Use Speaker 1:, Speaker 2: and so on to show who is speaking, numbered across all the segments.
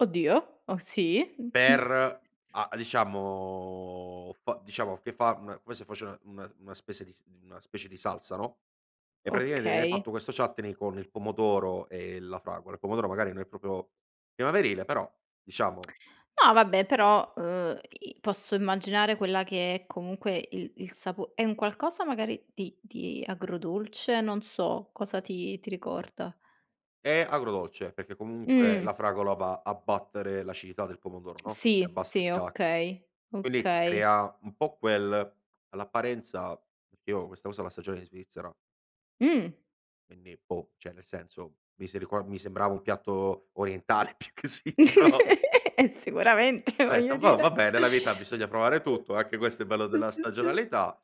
Speaker 1: Oddio, oh, sì?
Speaker 2: Per a diciamo fa diciamo che fa una come se faceva una una spese una specie di salsa, no. E praticamente viene
Speaker 1: Okay.
Speaker 2: fatto questo chutney con il pomodoro e la fragola. Il pomodoro magari non è proprio primaverile, però diciamo
Speaker 1: No vabbè, però, uhm, i posso immaginare quella che è comunque il il sapo è un qualcosa magari di di agrodolce, non so cosa ti ti ricorda.
Speaker 2: È agrodolce perché comunque la
Speaker 1: Mh.
Speaker 2: fragola va a battere l'acidità del pomodoro, no, e
Speaker 1: Sì,
Speaker 2: abbassa il
Speaker 1: sì,
Speaker 2: PH,
Speaker 1: okay,
Speaker 2: quindi
Speaker 1: okay.
Speaker 2: crea un po' quel all'apparenza perché io questa cosa la assaggiavo in Svizzera.
Speaker 1: Mh.
Speaker 2: Quindi boh, cioè, nel senso mi si rico mi sembrava un piatto orientale più che svizzero.
Speaker 1: Eh, sicuramente,
Speaker 2: Ho
Speaker 1: voglio
Speaker 2: detto: "Boh,
Speaker 1: dire.
Speaker 2: vabbè nella vita
Speaker 1: Sì,
Speaker 2: bisogna provare tutto, anche questo è il bello della
Speaker 1: sì, sì, sì.
Speaker 2: stagionalità."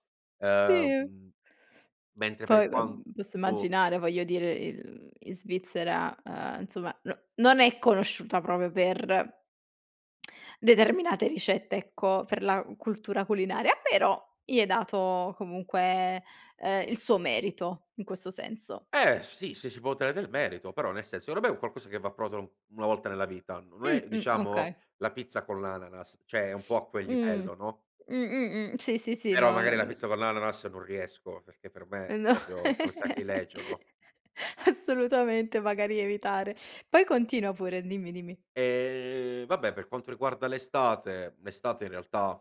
Speaker 1: Sì.
Speaker 2: Ehm mentre
Speaker 1: Poi
Speaker 2: per
Speaker 1: vabb posso
Speaker 2: quanto
Speaker 1: immaginare, voglio dire, in in Svizzera, ehm, insomma no non è conosciuta proprio per determinate ricette, ecco, per la cultura culinaria, però gli è dato comunque, ehm, il suo merito in questo senso.
Speaker 2: Eh sì, se si può ottenere del merito, però nel senso che vabbè è un qualcosa che va provato 1 volta nella vita, non
Speaker 1: Mh,
Speaker 2: è
Speaker 1: mh, okay.
Speaker 2: diciamo la pizza con l'ananas, cioè, è un po' a quel
Speaker 1: Mh.
Speaker 2: livello, no?
Speaker 1: Mh, mh, mh. Sì. Sì, sì,
Speaker 2: Però
Speaker 1: lo lo
Speaker 2: magari la
Speaker 1: l
Speaker 2: pizza con
Speaker 1: uhm
Speaker 2: l'ananas non riesco perché per
Speaker 1: Eh
Speaker 2: me
Speaker 1: no.
Speaker 2: proprio è un sacrilegio, no?
Speaker 1: Assolutamente, magari evitare. Poi continua pure, dimmi, dimmi.
Speaker 2: Ehm, vabbè per quanto riguarda l'estate l'estate in realtà